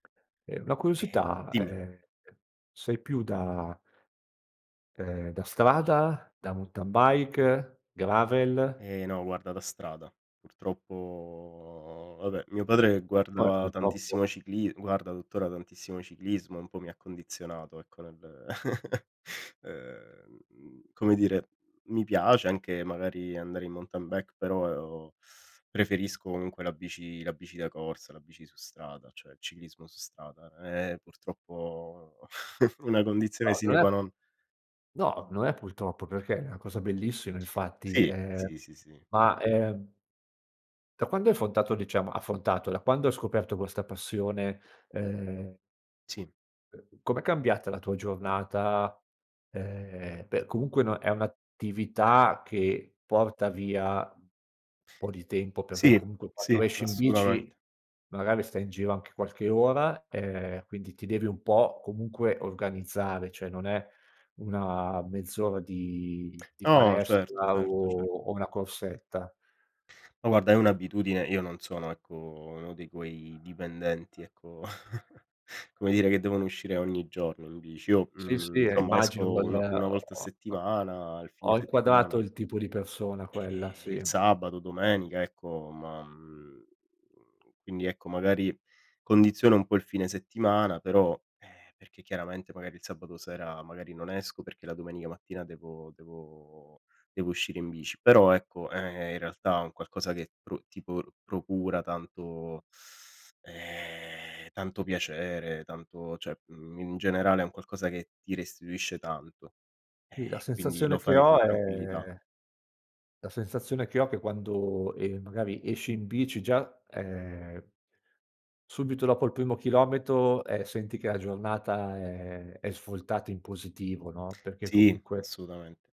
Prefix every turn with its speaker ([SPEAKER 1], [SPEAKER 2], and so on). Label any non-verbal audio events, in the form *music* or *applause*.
[SPEAKER 1] E una
[SPEAKER 2] Eh,
[SPEAKER 1] curiosità,
[SPEAKER 2] dimmi.
[SPEAKER 1] ehm, sei più da ehm, da strada, da mountain bike, gravel?
[SPEAKER 2] Ehm, no guarda da strada purtroppo vabbè, mio padre
[SPEAKER 1] Come
[SPEAKER 2] guardava tantissimo
[SPEAKER 1] purtroppo?
[SPEAKER 2] la cicli guarda tuttora, tantissimo il ciclismo e un po' mi ha condizionato ecco, nel *chuckles* ehm, mhmm, come dire, mi piace anche magari andare in mountain bike, però preferisco comunque la bici la bici da corsa, la bici su strada, cioè il ciclismo su strada. Eh eh purtroppo, *chuckles* una condizione
[SPEAKER 1] No, non
[SPEAKER 2] sine
[SPEAKER 1] è
[SPEAKER 2] qua non.
[SPEAKER 1] no, non è purtroppo, perché è una cosa bellissima infatti,
[SPEAKER 2] Sì,
[SPEAKER 1] ehm,
[SPEAKER 2] sì, sì, sì.
[SPEAKER 1] ma ehm da quando hai affrontato diciamo affrontato, da quando hai scoperto questa passione, ehm
[SPEAKER 2] Sì.
[SPEAKER 1] uhm, com'è cambiata la tua giornata, ehm, beh comunque no è un'attività che porta via un po' di tempo, perché
[SPEAKER 2] Sì,
[SPEAKER 1] comunque
[SPEAKER 2] sì,
[SPEAKER 1] quando esci in bici,
[SPEAKER 2] assolutamente.
[SPEAKER 1] magari stai in giro anche qualche ora, ehm, quindi ti devi un po' comunque organizzare, cioè, non è una mezz'ora di di
[SPEAKER 2] No certo,
[SPEAKER 1] palestra
[SPEAKER 2] certo,
[SPEAKER 1] o
[SPEAKER 2] cer
[SPEAKER 1] o una corsetta.
[SPEAKER 2] Ma guarda è un'abitudine, io non sono ecco, uno di quei dipendenti ecco, *chuckles* come dire che devono uscire ogni giorno tu dici. Io,
[SPEAKER 1] Sì,
[SPEAKER 2] mhmm,
[SPEAKER 1] sì, eh,
[SPEAKER 2] insomma
[SPEAKER 1] immagino
[SPEAKER 2] esco
[SPEAKER 1] quel,
[SPEAKER 2] un 1 volta a
[SPEAKER 1] ho ho
[SPEAKER 2] settimana, il fine
[SPEAKER 1] ho
[SPEAKER 2] settimana.
[SPEAKER 1] inquadrato il tipo di persona quella,
[SPEAKER 2] Eh, il
[SPEAKER 1] sì.
[SPEAKER 2] sabato, domenica ecco, ma mhmm, quindi ecco, magari condiziona un po' il fine settimana, però, ehm, perché chiaramente magari il sabato sera magari non esco perché la domenica mattina devo devo devo uscire in bici, però ecco, ehm, è in realtà un qualcosa che pro ti po procura tanto, *sucks teeth* ehm, tanto piacere, tanto cioè, mhmm, in generale è un qualcosa che ti restituisce tanto,
[SPEAKER 1] Sì la
[SPEAKER 2] eh, e quindi lo
[SPEAKER 1] sensazione che
[SPEAKER 2] fai con
[SPEAKER 1] ho
[SPEAKER 2] tranquillità.
[SPEAKER 1] è la sensazione che ho che quando, ehm, magari esci in bici già, ehm, subito dopo il primo chilometro, ehm, senti che la giornata è è svoltata in positivo no, perché
[SPEAKER 2] Sì,
[SPEAKER 1] comunque
[SPEAKER 2] assolutamente.